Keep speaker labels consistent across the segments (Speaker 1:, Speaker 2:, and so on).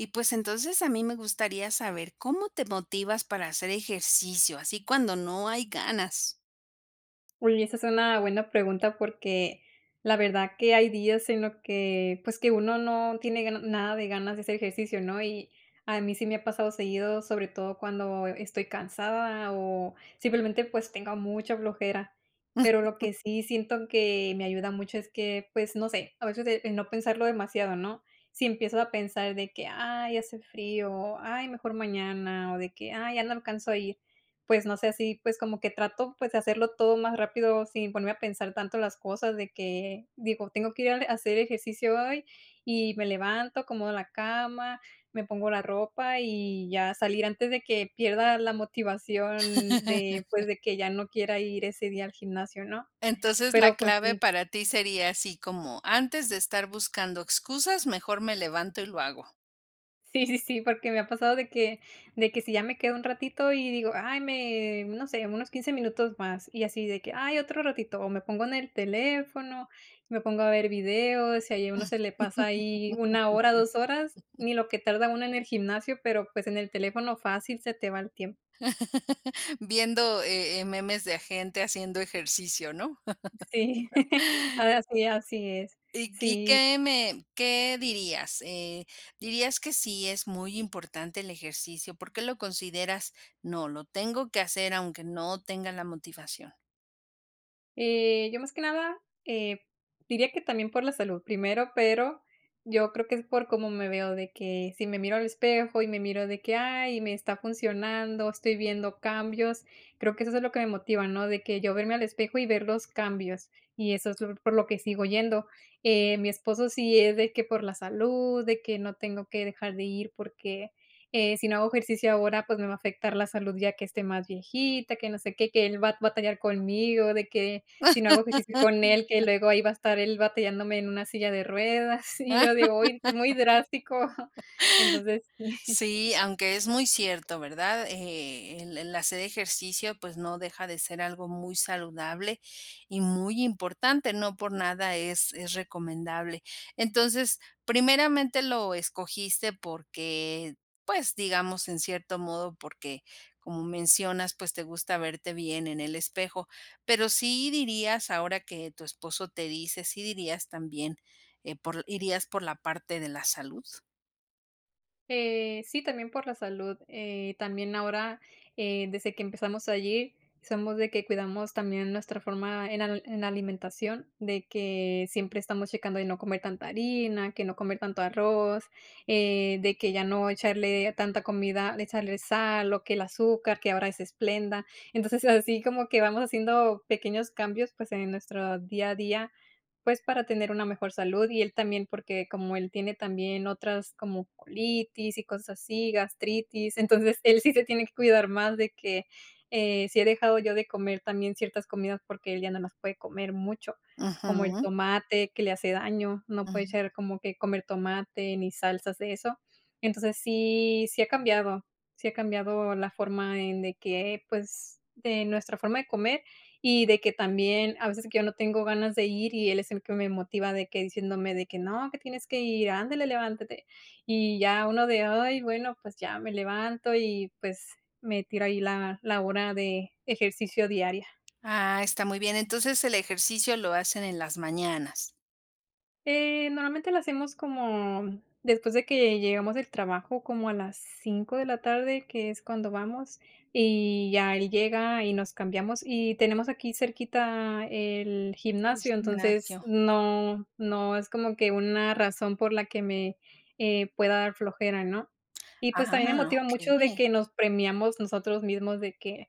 Speaker 1: Y pues entonces a mí me gustaría saber, ¿cómo te motivas para hacer ejercicio, así cuando no hay ganas?
Speaker 2: Uy, esa es una buena pregunta porque la verdad que hay días en los que pues que uno no tiene ga nada de ganas de hacer ejercicio, ¿no? Y a mí sí me ha pasado seguido, sobre todo cuando estoy cansada o simplemente pues tengo mucha flojera. Pero lo que sí siento que me ayuda mucho es que pues no sé, a veces es el no pensarlo demasiado, ¿no?, si empiezas a pensar de que, ay, hace frío, o, ay, mejor mañana o de que, ay, ya no alcanzo a ir. Pues no sé si pues como que trato pues de hacerlo todo más rápido, sin ponerme a pensar tanto las cosas de que digo, tengo que ir al a hacer ejercicio hoy y me levanto como la cama, me pongo la ropa y ya salir antes de que pierda la motivación de pues de que ya no quiera ir ese día al gimnasio, ¿no?
Speaker 1: Entonces la
Speaker 2: Pero, pues
Speaker 1: clave
Speaker 2: sí.
Speaker 1: para ti sería así como antes de estar buscando excusas, mejor me levanto y lo hago.
Speaker 2: Sí, sí, sí, porque me ha pasado de que de que si ya me quedo un ratito y digo: "Ay, me no sé, unos 15 minutos más" y así de que: "Ay, otro ratito" o me pongo en el teléfono, me pongo a ver videos y ahí a uno se le pasa ahí 1 hora, 2 horas ni lo que tarda uno en el gimnasio, pero pues en el teléfono fácil se te va el tiempo.
Speaker 1: Viendo, eh eh, memes de gente haciendo ejercicio, ¿no?
Speaker 2: Sí, ahora sí, así es,
Speaker 1: Y y
Speaker 2: sí.
Speaker 1: ¿qué me qué dirías, eh, dirías que sí es muy importante el ejercicio? Por qué lo consideras: "No, lo tengo que hacer, aunque no tenga la motivación".
Speaker 2: Eh, yo más que nada, eh, diría que también por la salud primero, pero yo creo que es por cómo me veo de que si me miro al espejo y me miro de que: "Ay, me está funcionando, estoy viendo cambios". Creo que es eso lo que me motiva, ¿no? De que yo verme al espejo y ver los cambios, y eso es lo por lo que sigo yendo, eh, mi esposo sí es de que por la salud de que no tengo que dejar de ir porque, eh, si no hago ejercicio ahora pues me va a afectar la salud, ya que esté más viejita, que no sé qué, que él va a batallar conmigo de que, si no hago ejercicio con él, que luego ahí va a estar el batallándome en una silla de ruedas y yo digo: "Ay, es muy drástico". Entonces sí.
Speaker 1: Sí, aunque es muy cierto, ¿verdad? Eh, el el hacer ejercicio, pues no deja de ser algo muy saludable y muy importante. No por nada es es recomendable. Entonces primeramente lo escogiste porque pues digamos en cierto modo, porque como mencionas, pues te gusta verte bien en el espejo, pero, ¿sí dirías, ahora que tu esposo te dice, sí dirías también, eh, por irías por la parte de la salud?
Speaker 2: Eh, sí, también por la salud, eh, también ahora, eh, desde que empezamos allí somos de que cuidamos también nuestra forma en al en alimentación de que siempre estamos checando de no comer tanta harina, que no comer tanto arroz, eh, de que ya no echarle tanta comida de echarle sal o que el azúcar, que ahora es Splenda esplenda. Entonces, eh, así como que vamos haciendo pequeños cambios, pues en nuestro día a día, pues para tener una mejor salud y él también, porque como él tiene también otras como colitis y cosas así, gastritis. Entonces él sí se tiene que cuidar más de que, eh, si he dejado yo de comer también ciertas comidas porque él ya no las puede comer mucho, como el
Speaker 1: Ujú.
Speaker 2: tomate que le hace daño. No puede
Speaker 1: Ujú.
Speaker 2: ser como que, comer tomate ni salsas de eso. Entonces sí, si ha cambiado, si ha cambiado la forma en de que pues de nuestra forma de comer y de que también a veces que yo no tengo ganas de ir y él es el que me motiva de que diciéndome de que: "No, que tienes que ir. Ándale, levántate" y ya uno de: "Ay, bueno, pues ya me levanto" y pues me tira ahí la la hora de ejercicio diaria.
Speaker 1: Ah, está muy bien. Entonces el ejercicio lo hacen en las mañanas.
Speaker 2: Eh, normalmente lo hacemos como, después de que llegamos del trabajo como a las 5 de la tarde, que es cuando vamos y ya él llega y nos cambiamos y tenemos aquí cerquita el
Speaker 1: Es
Speaker 2: gimnasio. Entonces
Speaker 1: gimnasio.
Speaker 2: no, no es como que una razón por la que me, eh, pueda dar flojera, ¿no? Y pues también me
Speaker 1: Ah,
Speaker 2: motiva mucho de
Speaker 1: okey.
Speaker 2: que nos premiamos nosotros mismos de que,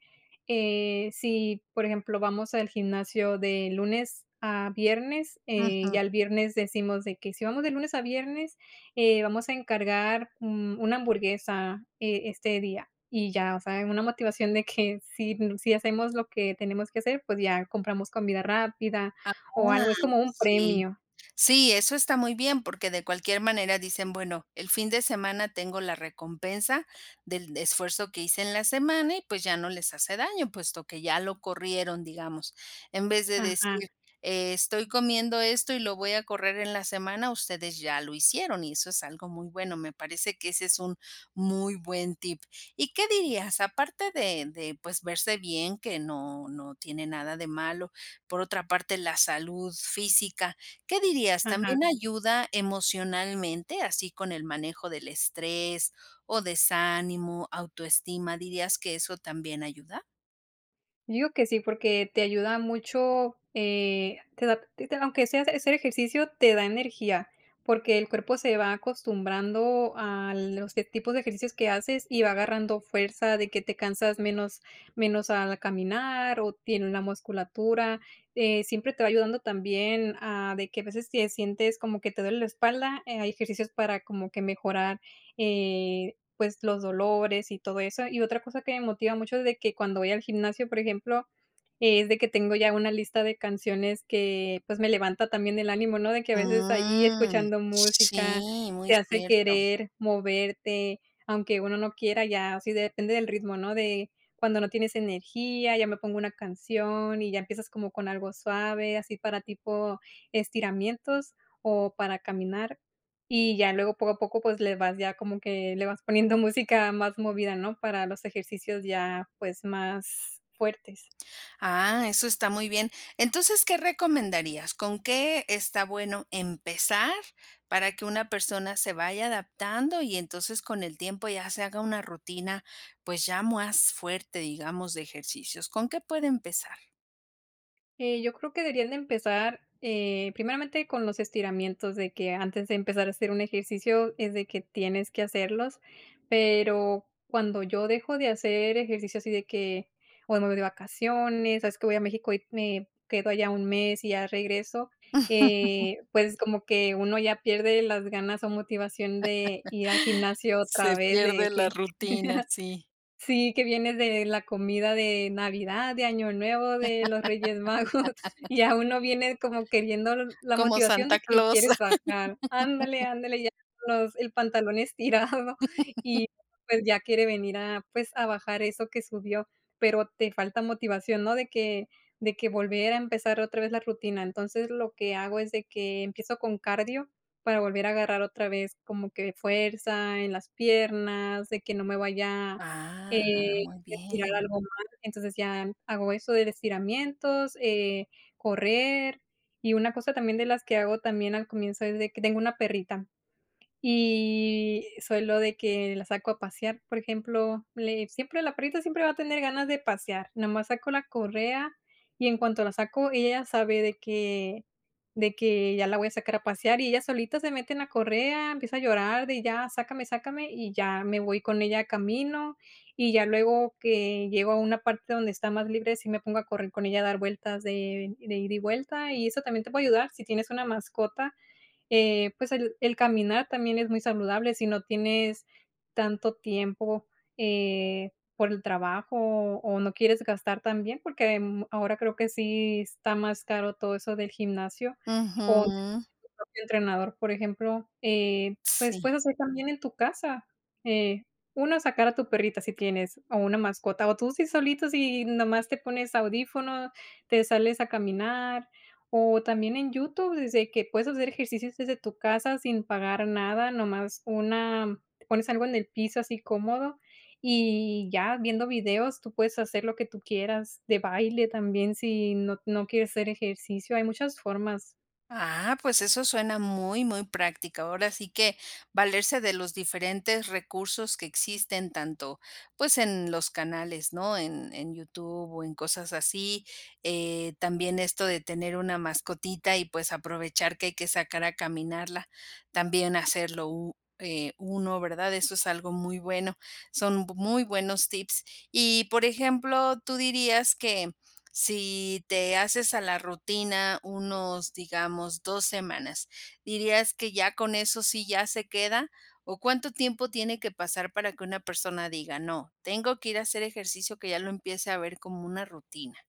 Speaker 2: eh, si, por ejemplo, vamos al gimnasio de lunes a viernes, eh,
Speaker 1: Ujú.
Speaker 2: ya el viernes decimos de que: "Si vamos de lunes a viernes, eh, vamos a encargar, mm, una hamburguesa, eh, este día". Y ya, o sea, en una motivación de que si, si hacemos lo que tenemos que hacer, pues ya compramos comida rápida
Speaker 1: Ah, oh,
Speaker 2: o algo, es como un
Speaker 1: sí,
Speaker 2: premio.
Speaker 1: sí, eso está muy bien, porque de cualquier manera dicen: "Bueno, el fin de semana tengo la recompensa del esfuerzo que hice en la semana". Y pues ya no les hace daño, puesto que ya lo corrieron, digamos, en vez de
Speaker 2: Ajá.
Speaker 1: decir: "E estoy comiendo esto y lo voy a correr en la semana". Ustedes ya lo hicieron y eso es algo muy bueno, me parece que ese es, un muy buen tip. ¿Y qué dirías? Aparte de de pues verse bien, que no, no tiene nada de malo. Por otra parte, la salud física, ¿qué dirías,
Speaker 2: Ajá.
Speaker 1: también ayuda emocionalmente? Así, con el manejo del estrés o desánimo, autoestima, ¿dirías que eso también ayuda?
Speaker 2: Yo digo que sí, porque te ayuda mucho, eh, te da a ti te aunque sea hace hacer ejercicio, te da energía porque el cuerpo se va acostumbrando a los que tipos de ejercicios que haces y va agarrando fuerza de que te cansas menos menos al caminar o tiene una musculatura, eh, siempre te va ayudando también, ah, de que a veces, te sientes como que te duele la espalda, eh, hay ejercicios para como que mejorar, eh, pues, los dolores y todo eso. Y otra cosa que me motiva mucho es de que cuando voy al gimnasio, por ejemplo, es de que tengo ya una lista de canciones que, pues, me levanta también el ánimo, ¿no? De que a veces, ahí,
Speaker 1: Mm.
Speaker 2: escuchando música,
Speaker 1: Sí,
Speaker 2: te
Speaker 1: muy
Speaker 2: hace
Speaker 1: cierto.
Speaker 2: querer moverte, aunque uno no quiera ya. Sí, depende del ritmo, ¿no? De cuando no tienes energía, ya me pongo una canción y ya empiezas como con algo suave, así para tipo estiramientos o para caminar y ya luego, poco a poco, pues, le vas ya como que le vas poniendo música más movida, ¿no? Para los ejercicios ya, pues, más fuertes.
Speaker 1: Ah, eso está muy bien. Entonces, ¿qué recomendarías? ¿Con qué está bueno empezar?, para que una persona se vaya adaptando y entonces, con el tiempo, ya se haga una rutina, pues, ya más fuerte, digamos, de ejercicios, ¿con qué puede empezar?
Speaker 2: Eh, yo creo que deberían de empezar, eh, primeramente con los estiramientos de que antes de empezar a hacer un ejercicio es de que tienes que hacerlos. Pero cuando yo dejo de hacer ejercicio así de que o me voy de vacaciones. Sabes que voy a México y me quedo allá un mes y ya regreso. Eh, pues como que uno ya pierde las ganas o motivación de ir al gimnasio
Speaker 1: Se
Speaker 2: otra vez
Speaker 1: pierde
Speaker 2: de
Speaker 1: la
Speaker 2: que
Speaker 1: rutina, sí.
Speaker 2: Sí que viene de la comida de Navidad, de Año Nuevo, de los Reyes Magos, ya uno viene como queriendo el la
Speaker 1: Como
Speaker 2: motivación
Speaker 1: Santa
Speaker 2: de que
Speaker 1: Claus.
Speaker 2: quieres bajar. Ándale ándale, ya [unintelligible] el pantalón estirado y pues ya quiere venir a pues a bajar eso que subió, pero te falta motivación, ¿no?, de que de que volver a empezar otra vez la rutina. Entonces lo que hago es de que empiezo con cardio para volver a agarrar otra vez como que fuerza en las piernas de que no me vaya
Speaker 1: Ah,
Speaker 2: eh,
Speaker 1: muy
Speaker 2: estirar
Speaker 1: bien.
Speaker 2: algo mal. Entonces ya hago eso de estiramientos, eh, correr y una cosa también de las que hago también al comienzo es de que tengo una perrita. Y solo de que la saco a pasear. Por ejemplo, le siempre la perrita siempre va a tener ganas de pasear nada más saco la correa y en cuanto la saco, ella ya sabe de que de que ya la voy a sacar a pasear y ella solita se mete en la correa. Empieza a llorar de ya sácame, sácame y ya me voy con ella, camino y ya luego que llego a una parte donde está más libre. Sí, me pongo a correr con ella a dar vueltas de de ida y vuelta. Y eso también te puedo ayudar si tienes una mascota. Eh, pues el el caminar también es muy saludable. Si no tienes tanto tiempo, eh, por el trabajo o no quieres gastar, también porque ahora creo que sí está más caro todo eso del gimnasio o tener
Speaker 1: Ujú.
Speaker 2: tu propio entrenador, por ejemplo. Eh, pues
Speaker 1: Sí.
Speaker 2: puedes hacer también en tu casa. Eh, una sacar a tu perrita si tienes o una mascota o tú sí solito, si nada más te pones audífono, te sales a caminar o también en YouTube desde que puedes hacer ejercicios desde tu casa sin pagar nada no más una, pones algo en el piso así cómodo y ya viendo videos, tú puedes hacer lo que tú quieras de baile también. Si no, no quieres hacer ejercicio, hay muchas formas.
Speaker 1: Ah, pues, eso suena muy, muy práctico. Ahora sí que, valerse de los diferentes recursos que existen tanto, pues, en los canales, ¿no?, en en YouTube o en cosas así, eh, también esto de tener una mascotita y, pues, aprovechar que hay que sacar a caminarla. También hacerlo u eh, uno, ¿verdad?, eso es algo muy bueno. Son muy buenos tips. Y, por ejemplo, ¿tú dirías que si te haces a la rutina unos, digamos, 2 semanas, dirías que ya con eso sí ya se queda o cuánto tiempo tiene que pasar para que una persona diga: "No, tengo que ir a hacer ejercicio", que ya lo empiece a ver como una rutina?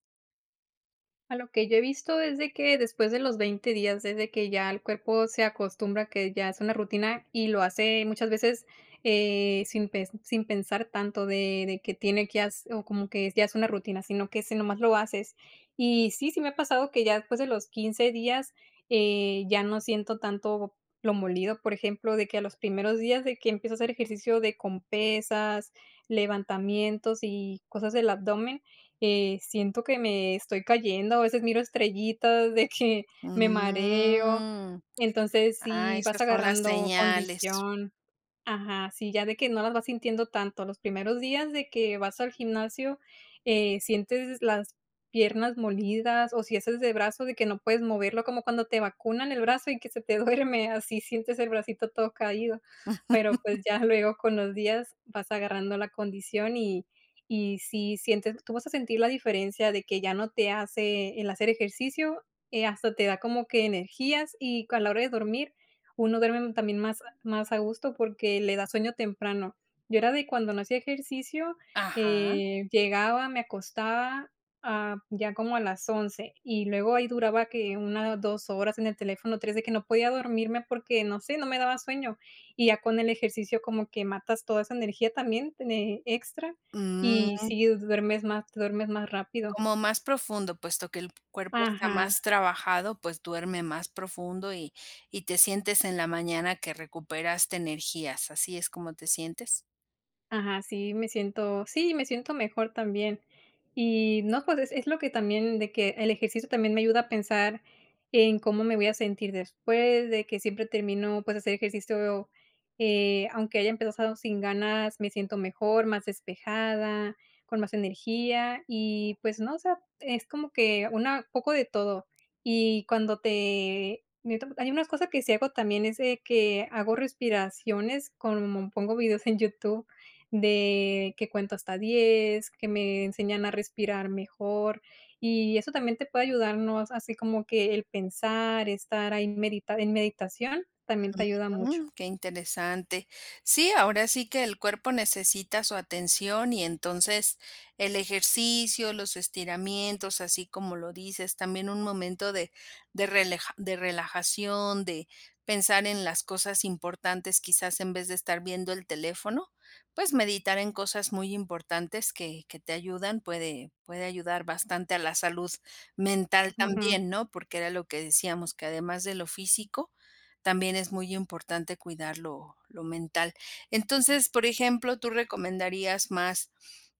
Speaker 2: A lo que yo he visto es de que, después de los 20 días, desde que ya el cuerpo se acostumbra a que ya es una rutina y lo hace muchas veces, eh, sin pen sin pensar tanto de de que tiene que has o como que ya es una rutina, sino que, ese nada más lo haces. Y sí, sí me ha pasado que ya después de los 15 días, eh, ya no siento tanto lo molido, por ejemplo, de que, a los primeros días, de que empiezo a hacer ejercicio, de con pesas, levantamientos y cosas del abdomen, eh, siento que me estoy cayendo, a veces miro estrellitas de que me mareo.
Speaker 1: Mm.
Speaker 2: Entonces,
Speaker 1: Ah,
Speaker 2: sí vas
Speaker 1: esas son las
Speaker 2: agarrando
Speaker 1: señales.
Speaker 2: condición Ajá. Sí, ya de que no las vas sintiendo tanto. Los primeros días de que vas al gimnasio, eh, sientes las piernas molidas o si haces de brazo de que no puedes moverlo, como cuando te vacunan el brazo y que se te duerme, así sientes el bracito todo caído. Pero pues, ya luego, con los días, vas agarrando la condición y y sí sientes Tú vas a sentir la diferencia de que ya no te hace el hacer ejercicio, eh, hasta te da como que energías y con la hora de dormir, uno duerme también más más a gusto porque le da sueño temprano. Yo era de, cuando no hacía ejercicio,
Speaker 1: Ajá.
Speaker 2: eh, llegaba, me acostaba a ya como a las 11:00, y luego ahí duraba que una, dos horas en el teléfono, tres, de que no podía dormirme porque, no sé, no me daba sueño. Y ya con el ejercicio como que matas toda esa energía también, ne extra. Y
Speaker 1: Mm.
Speaker 2: sí duermes más te duermes más rápido.
Speaker 1: Como más profundo, puesto que el p cuerpo está
Speaker 2: Ajá.
Speaker 1: más trabajado, pues, duerme más profundo y y te sientes, en la mañana, que recuperaste energías, ¿así es como te sientes?
Speaker 2: Ajá, sí me siento sí, me siento mejor también. Y no, pues es es lo que también de que el ejercicio también me ayuda a pensar en cómo me voy a sentir después, de que siempre termino, pues, hacer ejercicio, eh, aunque haya empezado sin ganas, me siento mejor, más despejada, con más energía y pues, no, o sea, es como que una poco de todo. Y cuando te [unintelligible] hay unas cosa que sí hago también es de que hago respiraciones como pongo vídeos en YouTube de que cuenta hasta 10, que me enseñan a respirar mejor, y eso también te puede ayudar, ¿no?, as así como que el pensar, estar ahí en medita en meditación también te ayuda mucho.
Speaker 1: Ujú, que interesante. Sí, ahora sí que el cuerpo necesita su atención. Y entonces, el ejercicio, los estiramientos, así como lo dices, también un momento de de releja de relajación, de pensar en las cosas importantes. Quizás, en vez de estar viendo el teléfono, pues, meditar en cosas muy importantes que que te ayudan, puede puede ayudar bastante a la salud mental
Speaker 2: Ujú.
Speaker 1: también, ¿no? Porque era lo que decíamos que además de lo físico, también es muy importante cuidar lo lo mental. Entonces, por ejemplo, ¿tú recomendarías más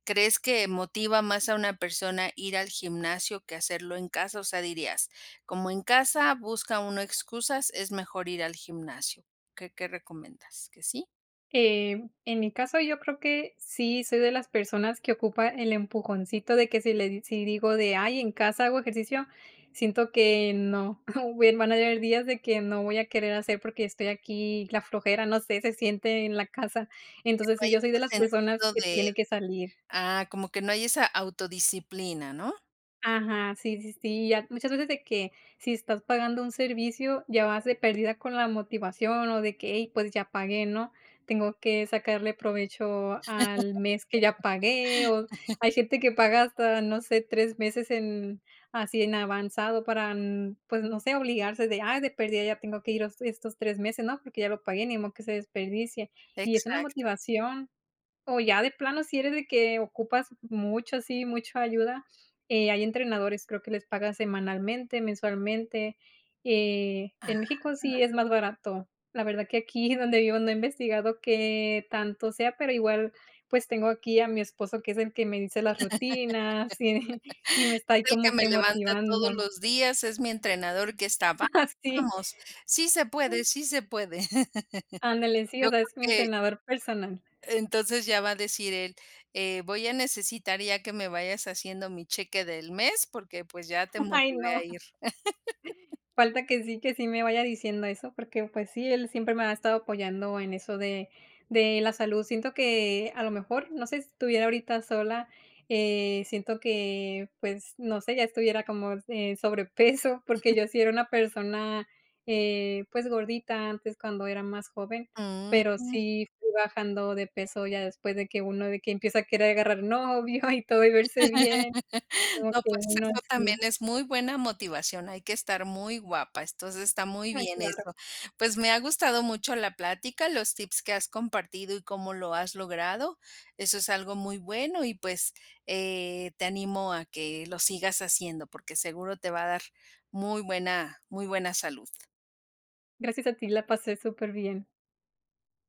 Speaker 1: crees que motiva más a una persona ir al gimnasio que hacerlo en casa? O sea, dirías: "Como en casa busca uno excusas, es mejor ir al gimnasio". ¿Qué qué recomiendas? ¿Qué sí?
Speaker 2: Em, en mi caso, yo creo que sí, soy de las personas que ocupa el empujoncito de que si le si digo de: "Ay, en casa hago ejercicio", siento que no, o buen van a haber días de que no voy a querer hacer porque estoy aquí la flojera, no sé, se siente en la casa.
Speaker 1: Que no
Speaker 2: Entonces, si
Speaker 1: hay
Speaker 2: yo soy de
Speaker 1: ese
Speaker 2: las personas
Speaker 1: sentido
Speaker 2: que
Speaker 1: de,
Speaker 2: tiene que salir.
Speaker 1: ah, como que no hay esa autodisciplina, ¿no?
Speaker 2: Ajá, sí, sí, sí, ya muchas veces de que, si estás pagando un servicio ya vas de perdida con la motivación, o de que: "Hey, pues ya pagué", ¿no? Tengo que sacarle provecho al mes que ya pagué, o hay gente que paga hasta no sé, 3 meses en así en avanzado para n pues no sé, obligarse de: "Ay, de perdida, ya tengo que ir estos 3 meses, ¿no?, porque ya lo pagué, ni modo que se desperdicie", y es una
Speaker 1: Exacto.
Speaker 2: motivación. O ya de plano, si eres de que ocupas mucho, ¿sí? ¿Mucho ayuda? Eh, hay entrenadores. Creo que les paga semanalmente, mensualmente, eh, en
Speaker 1: Ajá.
Speaker 2: México sí, es más barato. La verdad que aquí donde vivo, no he investigado que tanto sea, pero igual pues, tengo aquí a mi esposo, que es el que me dice las rutinas y y me está ahí
Speaker 1: Es el que
Speaker 2: como
Speaker 1: me
Speaker 2: que
Speaker 1: levanta todos
Speaker 2: motivando.
Speaker 1: los días. Es mi entrenador que está va
Speaker 2: Sí.
Speaker 1: vamos, sí, se puede, sí se puede.
Speaker 2: Ándale, sí, o
Speaker 1: Yo
Speaker 2: sea,
Speaker 1: creo
Speaker 2: es mi
Speaker 1: que.
Speaker 2: entrenador personal.
Speaker 1: Entonces, ya va a decir él, eh: "Voy a necesitar ya que me vayas haciendo mi cheque del mes porque, pues, ya te
Speaker 2: Ay,
Speaker 1: motivé a
Speaker 2: no.
Speaker 1: ir".
Speaker 2: Falta que sí que sí me vaya diciendo eso porque pues sí, él siempre me ha estado apoyando en eso de de la salud. Siento que a lo mejor no sé si estuviera ahorita sola, eh, siento que pues, no sé, ya estuviera como s eh, sobrepeso,
Speaker 1: Ujú.
Speaker 2: porque yo sí era una persona, eh, pues gordita antes, cuando era más joven, pero
Speaker 1: Mm.
Speaker 2: sí fui bajando de peso ya después de que uno de que empieza a querer agarrar novio y todo, y verse bien como
Speaker 1: No
Speaker 2: que
Speaker 1: pues,
Speaker 2: uno
Speaker 1: eso también
Speaker 2: así.
Speaker 1: es muy buena motivación. Hay que estar muy guapa. Entonces, está muy
Speaker 2: Ay,
Speaker 1: bien
Speaker 2: claro.
Speaker 1: eso. Pues, me ha gustado mucho la plática, los tips que has compartido y cómo lo has logrado. Eso es algo muy bueno y pues, eh, te animo a que lo sigas haciendo porque seguro te va a dar muy buena, muy buena salud.
Speaker 2: Gracias a ti, la pasé superbién.